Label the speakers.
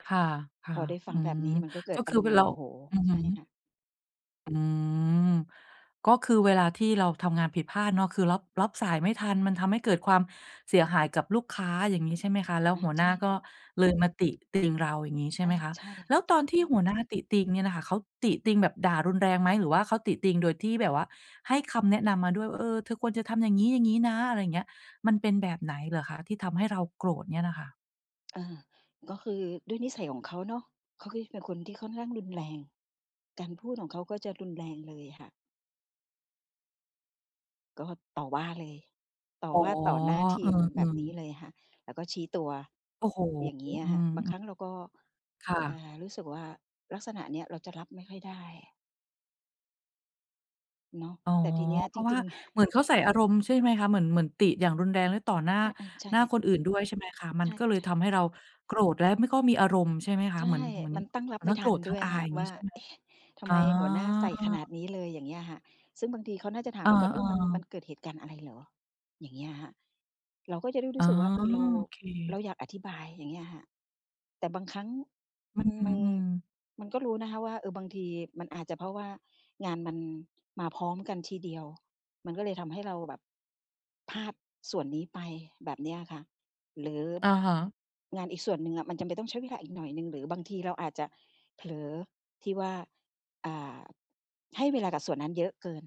Speaker 1: ค่
Speaker 2: พ
Speaker 1: ะ
Speaker 2: อได้ฟ
Speaker 1: ๆ
Speaker 2: ั
Speaker 1: อื
Speaker 2: งแบบ
Speaker 1: ม
Speaker 2: นี้มันก็เก
Speaker 1: ก
Speaker 2: ิ
Speaker 1: ็
Speaker 2: ดอ
Speaker 1: ค
Speaker 2: า
Speaker 1: ือ
Speaker 2: รมณ์โ
Speaker 1: เ
Speaker 2: ม
Speaker 1: รา
Speaker 2: โห
Speaker 1: อือฮ
Speaker 2: ใช
Speaker 1: ึ
Speaker 2: ่ค่ะ
Speaker 1: อืม ก็คือเวลาที่เราทำงานผิดพลาดเนาะ คือรอบ คือรับสายไม่ทัน มันทำให้เกิดความเสียหายกับลูกค้า อย่างงี้ใช่ไหมคะ แล้ว
Speaker 2: อา
Speaker 1: หัว
Speaker 2: ใ
Speaker 1: ห
Speaker 2: ช
Speaker 1: น้
Speaker 2: ่
Speaker 1: า
Speaker 2: ค
Speaker 1: ก็
Speaker 2: ่ะ
Speaker 1: เลย มาติติงเรา อย่างงี้ใช่
Speaker 2: อ
Speaker 1: ไห
Speaker 2: า
Speaker 1: มคะ
Speaker 2: ใช่
Speaker 1: แล
Speaker 2: ค
Speaker 1: ้ว
Speaker 2: ่
Speaker 1: ตอ
Speaker 2: ะ
Speaker 1: นที่หัวหน้าติติงเนี่ยน่ะค่ะ เขาติติงแบบด่ารุนแรงไหม? หรือว่าเขาติติงโดยที่แบบว่าให้คำแนะนำมาด้วยว่า "เออ เธอควรจะทำอย่างงี้ ๆ นะ" อะไรเงี้ย มันเป็นแบบไหนเหรอคะที่ทำให้เราโกรธเนี่ยน่ะค่ะ?
Speaker 2: เออ ก็คือด้วยนิสัยของเขาเนาะ เขาก็จะเป็นคนที่ค่อนข้างรุนแรง การพูดของเขาก็จะรุนแรงเลยค่ะ ก็ต่อว่าเลย ต่อ
Speaker 1: อ๋อ
Speaker 2: ว่าต่อหน้าท
Speaker 1: อ
Speaker 2: ี
Speaker 1: ื
Speaker 2: มแบบ
Speaker 1: ม
Speaker 2: นี้
Speaker 1: ๆ
Speaker 2: เลยค่ะ แล้วก็ชี้ตัว
Speaker 1: โอ้โฮ
Speaker 2: อย่างเงี้ย
Speaker 1: อื
Speaker 2: ค่ะ
Speaker 1: ม
Speaker 2: บาง
Speaker 1: ๆ
Speaker 2: ครั้งเราก็
Speaker 1: ค่
Speaker 2: อ่
Speaker 1: ะ
Speaker 2: า รู้สึกว่าลักษณะเนี้ยเราจะรับไม่ค่อยได้ เนาะ
Speaker 1: อ๋อ
Speaker 2: แต่ทีเนี้ย
Speaker 1: เพ
Speaker 2: จ
Speaker 1: ราะว่
Speaker 2: ร
Speaker 1: า
Speaker 2: ิง ๆ
Speaker 1: เหมือนเค้าใส่อารมณ์ใช่ไหมคะ เหมือน เหมือนติอย่างรุนแรง แล้วต่อหน้า
Speaker 2: อา ๆ ใช่
Speaker 1: หน้า
Speaker 2: เลย
Speaker 1: คนอื่นด้วย ใช่ไหมคะ มั
Speaker 2: ใ
Speaker 1: น
Speaker 2: ช
Speaker 1: ก็เลย
Speaker 2: ่
Speaker 1: ท
Speaker 2: ๆ
Speaker 1: ำให้เราโกรธและไม่ ก็มีอารมณ์ ใช่ไหมคะ
Speaker 2: ใช
Speaker 1: เหมื
Speaker 2: ่
Speaker 1: อน เหมือน
Speaker 2: มันตั้งร
Speaker 1: เหม
Speaker 2: ั
Speaker 1: ือ
Speaker 2: บ
Speaker 1: น
Speaker 2: ไม
Speaker 1: ท
Speaker 2: ่
Speaker 1: ั้งโ
Speaker 2: ท
Speaker 1: กร
Speaker 2: ัน
Speaker 1: ธทั
Speaker 2: ด
Speaker 1: ้
Speaker 2: ้
Speaker 1: ง
Speaker 2: วย
Speaker 1: อาย
Speaker 2: ค่
Speaker 1: อ
Speaker 2: ะ
Speaker 1: ย่างง
Speaker 2: ว
Speaker 1: ี้
Speaker 2: ่า
Speaker 1: ใช่ไหม?
Speaker 2: "เอ๊ะ ทำ
Speaker 1: อ๋
Speaker 2: ไ
Speaker 1: อ
Speaker 2: มหัวหน้าใส่ขนาดนี้เลย" อย่างเงี้ยค่ะ ซึ่งบางทีเขาน่าจะถา
Speaker 1: เอ
Speaker 2: ม
Speaker 1: อ
Speaker 2: เราก่อน "เออ มัน มั
Speaker 1: ๆ
Speaker 2: นเกิดเหตุการณ์อะไรเหรอ" อย่างเงี้ยค่ะ เราก็จะได้ร
Speaker 1: อ
Speaker 2: ู
Speaker 1: ๋
Speaker 2: ้
Speaker 1: อ
Speaker 2: สึกว่า เออ เรา
Speaker 1: โอเค
Speaker 2: เราอยากอธิบาย อย่างเงี้ยค่ะ แต่บางครั้ง
Speaker 1: อื
Speaker 2: มัน มัน
Speaker 1: ม ๆ
Speaker 2: มันก็รู้นะคะว่า เออ บางทีมันอาจจะเพราะว่างานมันมาพร้อมกันทีเดียว มันก็เลยทำให้เราแบบพลาดส่วนนี้ไป แบบเนี้ยค่ะ หรือ
Speaker 1: อะฮะ
Speaker 2: งานอีกส่วนหนึ่งอะมันจำเป็นต้องใช้เวลาอีกหน่อยหนึ่ง หรือบางทีเราอาจจะเผลอที่ว่า อ่า ให้เวลากับส่วนนั้นเยอะเกิน